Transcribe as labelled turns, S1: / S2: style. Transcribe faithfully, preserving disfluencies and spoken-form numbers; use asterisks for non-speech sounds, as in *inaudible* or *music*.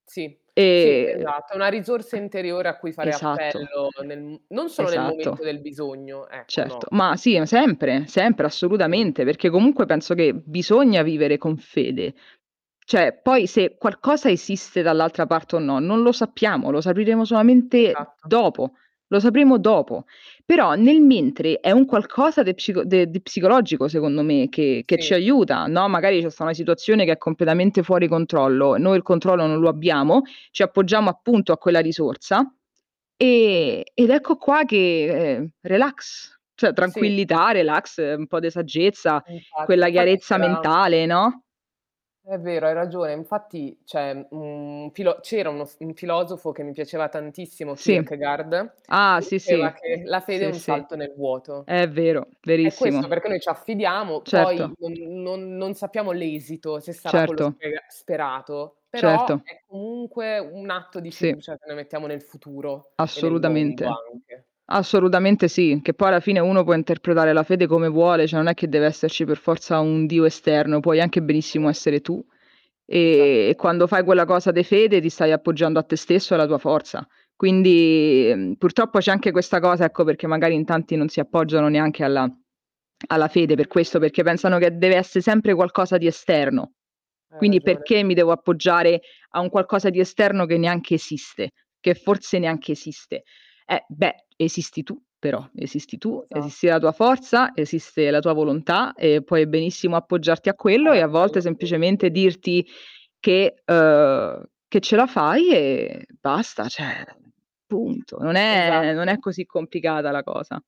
S1: Sì, sì,
S2: E Eh.
S1: esatto. È una risorsa interiore a cui fare
S2: Esatto.
S1: appello nel mhmm, non solo nel
S2: Esatto.
S1: momento del bisogno, ecco,
S2: Certo.
S1: no.
S2: Ma sì, ma sempre, sempre
S1: Sì.
S2: assolutamente, perché comunque penso che bisogna vivere con fede. ceh, poi se qualcosa esiste dall'altra parte o no, non lo sappiamo, lo sapiremo solamente
S1: Esatto.
S2: dopo. Lo sapremo dopo. Però nel mentre è un qualcosa de psico de de psicologico secondo me che che
S1: Sì.
S2: ci aiuta, no: magari ce sta una situazione che è completamente fuori controllo, noi il controllo non lo abbiamo, ci appoggiamo appunto a quella risorsa,
S1: Sì, sì.
S2: e ed ecco qua che, e ehm, relax, ceh
S1: Sì.
S2: tranquillità, relax, un po' de saggezza,
S1: Infatti,
S2: quella
S1: infatti
S2: chiarezza
S1: c'era
S2: mentale, no?
S1: È vero, hai ragione. Infatti c'è, mhmm, un filo c'era uno s un filosofo che mi piaceva tantissimo,
S2: Sì.
S1: Kierkegaard,
S2: Ah,
S1: che
S2: sì,
S1: diceva
S2: sì,
S1: che la fede è
S2: sì,
S1: un
S2: sì.
S1: salto nel vuoto.
S2: È vero,
S1: È
S2: verissimo.
S1: questo perché noi c'affidiamo, poi
S2: Certo.
S1: non non non sappiamo l'esito se sarà quello
S2: Certo.
S1: spega sperato, però
S2: Certo.
S1: è comunque un atto di
S2: Sì.
S1: fiducia che noi mettiamo nel futuro e nel mondo
S2: Assolutamente.
S1: anche.
S2: Assolutamente sì. Che poi alla fine uno può interpretare la fede come vuole, ceh non è che deve esserci per forza un Dio esterno, puoi anche benissimo
S1: *unintelligible*
S2: essere tu. E
S1: Esatta
S2: e quando fai quella cosa de fede ti stai appoggiando a te stesso e alla tua forza. Quindi, ehm, purtroppo c'è anche questa cosa, ecco, perché magari in tanti non si
S1: *unintelligible*
S2: appoggiano neanche alla alla fede per questo, perché pensano che dev'essè sempre qualcosa di esterno.
S1: Hai
S2: Quindi
S1: ragione.
S2: perché mi devo appoggiare a un qualcosa di esterno che neanche esiste? Che forse neanche esiste. Eh beh, esisti tu però, esisti tu, esisti
S1: Esatto.
S2: la tua forza, esiste la tua volontà e puoi benissimo appoggiarti a quello
S1: Fare
S2: e a volte
S1: appello
S2: semplicemente
S1: *unintelligible*
S2: dirti che uhm, che ce la fai e basta, ceh punto. Non è non è
S1: Esatto.
S2: così complicata la cosa.